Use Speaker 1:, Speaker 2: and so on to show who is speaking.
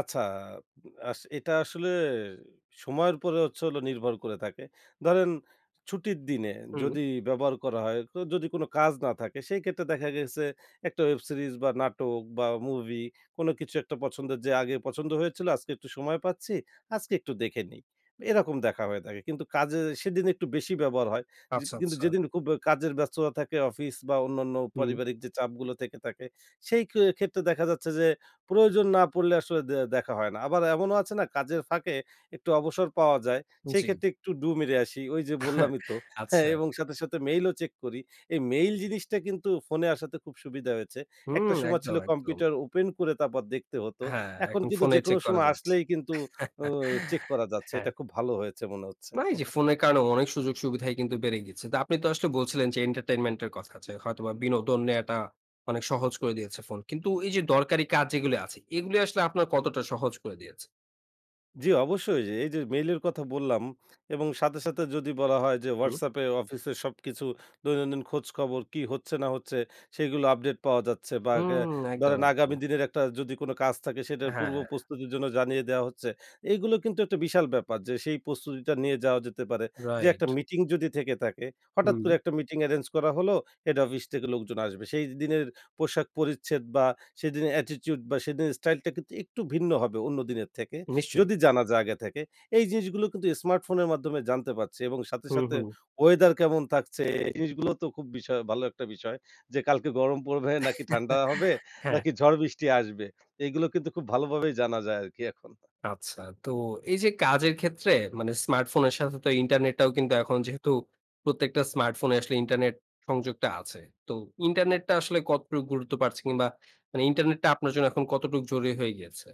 Speaker 1: আচ্ছা আস এটা আসলে সময়ের পরে হচ্ছে হল নির্ভর করে থাকে। ধরেন ছুটির দিনে
Speaker 2: হুম।
Speaker 1: যদি ব্যবহার করা হয়, তো যদি কোন কাজ না থাকে, সেই ক্ষেত্রে দেখা গেছে একটা ওয়েব সিরিজ বা নাটক বা মুভি কোন কিছু একটা পছন্দের যে আগে পছন্দ হয়েছিল আজকে একটু সময় পাচ্ছি। আজকে একটু দেখে নেই। এরকম দেখা হয়ে থাকে। কিন্তু কাজে সেদিন একটু বেশি ব্যবহার হয়। যে
Speaker 2: আচ্ছা,
Speaker 1: কিন্তু
Speaker 2: আচ্ছা।
Speaker 1: যেদিন খুব ব্যা কাজের ব্যস্ততা থাকে অফিস বা অন্যান্য
Speaker 2: হুম।
Speaker 1: পারিবারিক যে চাপগুলো থেকে থাকে সেই কে ক্ষেত্রে দেখা যাচ্ছে যে প্রয়োজন না পড়লে আসলে দে দেখা হয় না। আবার এমনও আছে না কাজের ফাঁকে একটু অবসর পাওয়া যায়। সেই
Speaker 2: জি।
Speaker 1: ক্ষেত্রে একটু ডু মেরে আসি। ওই যে বললামই তো হ্যাঁ,
Speaker 2: আচ্ছা।
Speaker 1: এবং সাথে, সাথে মেইল ও চেক করি। এই মেইল জিনিসটা কিন্তু ফোনে আসাতে খুব সুবিধা হয়েছে। একটা
Speaker 2: হুম
Speaker 1: সময় ছিল
Speaker 2: একদম, একদম।
Speaker 1: কম্পিউটার ওপেন করে তারপর দেখতে হতো।
Speaker 2: হ্যাঁ,
Speaker 1: এখন
Speaker 2: এখন
Speaker 1: কিন্তু
Speaker 2: ফোনেই
Speaker 1: যেকোনো
Speaker 2: চেক করা
Speaker 1: সময়
Speaker 2: যাচ্ছে।
Speaker 1: আসলেই কিন্তু উ চেক করা যাচ্ছে।
Speaker 2: হ্যাঁ।
Speaker 1: এটা খুব ভালো হয়েছে মনে হচ্ছে।
Speaker 2: মানে এই যে ফোনের কারণেও অনেক সুযোগ-সুবিধা কিন্তু বেড়ে গেছে। তো আপনি তো আসলে বলছিলেন যে এন্টারটেইনমেন্ট এর কথা আছে। হয়তোবা বিনোদন নেয়াটা অনেক সহজ করে দিয়েছে ফোন। কিন্তু এই যে দরকারি কাজ যেগুলি আছে, এগুলি আসলে আপনার কতটা সহজ করে দিয়েছে?
Speaker 1: জি অবশ্যই। এই যে মেইল এর কথা বললাম এবং সাথে, সাথে যদি বলা হয় যে
Speaker 2: হুম।
Speaker 1: WhatsApp এ অফিস এ সবকিছু দৈনন্দিন খোঁজ খবর কি হচ্ছে, না হচ্ছে সেগুলো আপডেট পাওয়া যাচ্ছে বা
Speaker 2: হুম,
Speaker 1: গা
Speaker 2: একদম,
Speaker 1: ধরেন আগামী
Speaker 2: একদম।
Speaker 1: দিনের একটা যদি কোন কাজ থাকে সেটার পূর্ব
Speaker 2: হ্যাঁ।
Speaker 1: প্রস্তুতির জন্য জানিয়ে দেয়া হচ্ছে। এগুলো কিন্তু একটা বিশাল ব্যাপার যে সেই প্রস্তুতিটা নিয়ে যাওয়া যেতে পারে। যে একটা
Speaker 2: রাইট।
Speaker 1: মিটিং যদি থেকে থাকে, হঠাৎ করে
Speaker 2: হুম।
Speaker 1: একটা মিটিং এরেঞ্জ করা হলো হেড অফিস থেকে লোকজন আসবে। সেইদিনের পোশাক পরিচ্ছেদ বা সেদিনের attitude বা সেদিনের স্টাইলটা কিন্তু একটু ভিন্ন হবে অন্য দিনের থেকে
Speaker 2: নিশ্চয়ই।
Speaker 1: যদি জানা যায় আগে থেকে। এই জিনিসগুলো কিন্তু স্মার্টফোনের মাধ্যমে জানতে পারছি এবং সাথে,
Speaker 2: হুম,
Speaker 1: সাথে
Speaker 2: হুম।
Speaker 1: ওয়েদার কেমন থাকছে এই জিনিসগুলো তো খুব বিষয়, ভালো একটা বিষয়। যে কালকে গরম পড়বে? নাকি ঠান্ডা হবে?
Speaker 2: হ্যাঁ।
Speaker 1: নাকি ঝড় বৃষ্টি আসবে? এগুলো কিন্তু খুব ভালোভাবেই জানা যায় আরকি এখন।
Speaker 2: আচ্ছা। তো এই যে কাজের ক্ষেত্রে মানে স্মার্টফোনের সাথে তো ইন্টারনেটটাও কিন্তু এখন যেহেতু প্রত্যেকটা স্মার্টফোনে আসলে ইন্টারনেট সংযোগটা আছে। তো ইন্টারনেটটা আসলে কতটুকু গুরুত্ব পাচ্ছে কিংবা মানে ইন্টারনেটটা আপনার জন্য কতটুকু জরুরী হয়ে গিয়েছে?